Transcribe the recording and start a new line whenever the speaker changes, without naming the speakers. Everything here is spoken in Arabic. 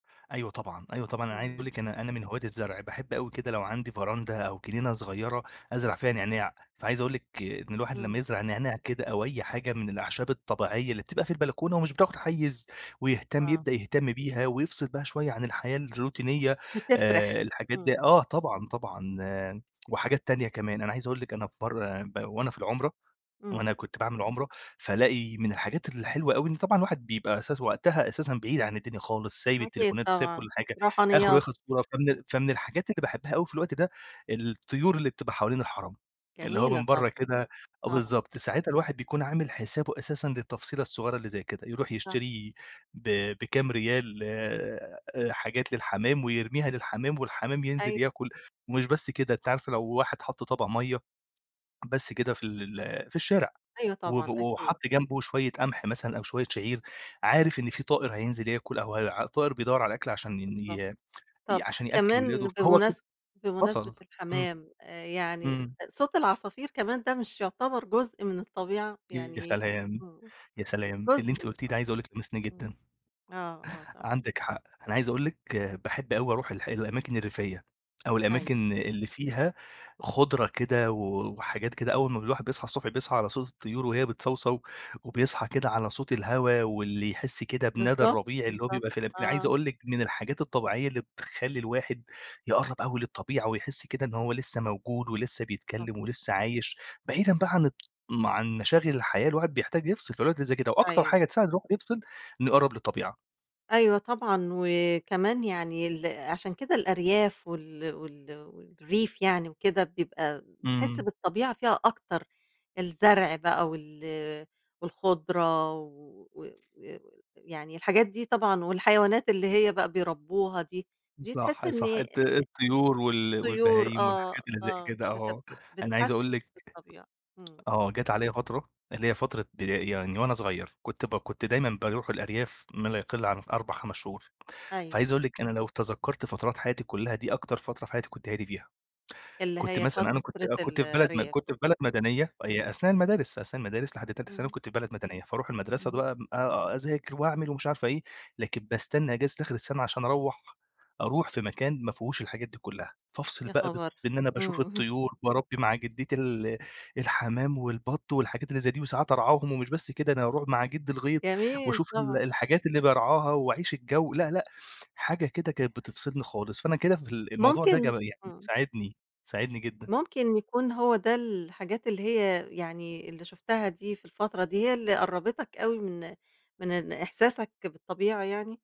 أيوة طبعًا، أيوه طبعًا. أنا عايز أقول
إمم.
لِك أنا أنا من هواة الزرع. باحب أوي كده لو عندي فراندة أو جنينة صغيرة أزرع
آه.
فيها نعناع. فعايز أقول لِك إن الواحد لمّا
إمم.
يزرع نعناع كده، أو أي حاجة من الأعشاب الطبيعية اللي بتبقى في البلكونة ومش بتاخد حيّز ويهتم
آه.
يبدأ يهتم بيها، ويفصل بها شوية عن الحياة الروتينية آآ
بتفرِح،
الحاجات دي
إمم.
آه. طبعًا، طبعًا وحاجات تانية كمان. أنا عايز أقول لِك أنا في مرّة ب وأنا في العُمرة، وأنا
إمم.
كنت باعمل عُمرة، فالاقي من الحاجات الحلوة أوي إن طبعًا الواحد بيبقى أساس وقتها أساسًا بعيد عن الدنيا خالص، سايب
أكيد
التليفونات وسايب كل
طبعًا،
حاجة. آخره
روحانيات.
ياخد صورة
إمم.
فمن فمن الحاجات اللي باحبها أوي في الوقت ده، الطيور اللي بتبقى حوالين الحَرَم. اللي هو
جميلة
من برّه
طبعًا.
كده آه
طبعًا.
بالضبط. ساعاتها الواحد بيكون عامل حسابه أساسًا للتفصيلة الصغيرة اللي زي كده. يروح
صح.
يشتري ب بكام ريال آآ حاجات للحمام، ويرميها للحمام، والحمام ينزل
أي
ياكل، ومش بس كده أنتِ عارفه لو واحد حَط طَبَق مَيّة، بس كده في ال ال في الشارع،
أيوه
وب
طبعًا، أكيد.
وحَط جنبه شوية قمح مثلًا أو شوية شعير، عارف إن في طائر هينزل ياكل أو هي طائر بيدوّر على أكل عشان إن
بالضبط.
ي ي
طب
عشان يأكّل ولاده.
كمان
فهو كده
بمناسب بمناسبة
وصل. إمم.
الحمام، آآ يعني ص
إمم.
صوت العصافير كمان ده مش يعتبر جزء من الطبيعة؟
ي يا
يعني
سلام!
إمم.
يا سلام!
جزء
اللي أنتِ قُلتيه
أ
ده عايز أقول لِك لمسني
إمم.
جدًا.
آه، آه طب
عندِك حق. أنا عايز أقول لِك باحب أوي أروح الح الأماكن الريفية، أو
أيوه.
الأماكن اللي فيها خُضرة كده و وحاجات كده أول ما الواحد بيصحى الصبح بيصحى على صوت الطيور وهي بتصَوصَو. وبيصحى كده على صوت الهوا واللي يحس كده بندى
بالضبط،
الربيع اللي هو
بالضبط.
بيبقى في الم عايز
آه.
أقول لِك من الحاجات الطبيعية اللي بتخلّي الواحد يقرّب أوي للطبيعة، ويحس كده إن هو لسّه موجود، ولسّه
[unintelligible]
بيتكلّم، ولسّه عايش بعيدًا بقى عن ال ما عن مشاغل الحياة الواحد بيحتاج يفصل. في الأوقات اللي زي كده، وأكتر
أيوه.
حاجة تساعد الواحد يفصل، إنه يقرّب للطبيعة.
أيوه طبعًا. وكمان يعني ال عشان كده الأرياف وال وال والريف يعني وكده، بيبقى تحس
إمم.
بالطبيعة فيها أكتر. الزرع بقى وال والخضرة و ويعني الحاجات دي طبعًا والحيوانات اللي هي بقى بيربّوها دي، دي تحس
صح،
إن
صح.
أ
الط الطيور وال
طيور
والبهايم والحاجات
آه،
اللي زي
آه.
كده
بتب
آه. أنا عايز أقول
بتحسِّس
لِك
بالطبيعة. إمم.
آه. جات عليّا فترة اللي هي فترة بدا يعني وأنا صغير، كنت ب كنت دايمًا باروح الأرياف ما لا يقل عن 4، 5 شهور. فعايز
أيوه.
أقول لِك أنا لو تذكّرت فترات حياتي كُلّها، دي أكتر فترة في حياتي كنت هادي فيها.
اللي
كنت
هي
مثلًا أنا كنت
فترة
آه كنت في بلد م
الأرياف.
كنت في بلد
إمم.
مدنية هي أثناء
إمم.
المدارس، أثناء المدارس لحد تالتة ثانوي
إمم.
كنت في بلد مدنية. فاروح المدرسة
اهم.
بقى آآ أذاكر وأعمل ومش عارف إيه، لكن باستنّى أجازة آخر السَنة عشان أروّح أروح في مكان ما فيهوش الحاجات دي كُلّها. فافصل
يا
بقى بط
خبر!
بإن أنا باشوف
إمم.
الطيور، باربّي مع جدّتي ال الحمام والبَط والحاجات اللي زي دي، وساعات أرعاهم ومش بس كده، أنا أروح مع جدّي الغيط
جميل
وأشوف ال
طبعًا.
الحاجات اللي بارعاها وأعيش الجَو لأ، لأ حاجة كده كانت بتفصلني خالص. فأنا كده في ال الموضوع ده ج
ممكن
يعني
إمم.
ساعدني، ساعدني جدًا.
ممكن يكون هو ده الحاجات اللي هي يعني اللي شُفتها دي في الفترة دي، هي اللي قرّبِتك أوي من من إن إحساسك بالطبيعة يعني؟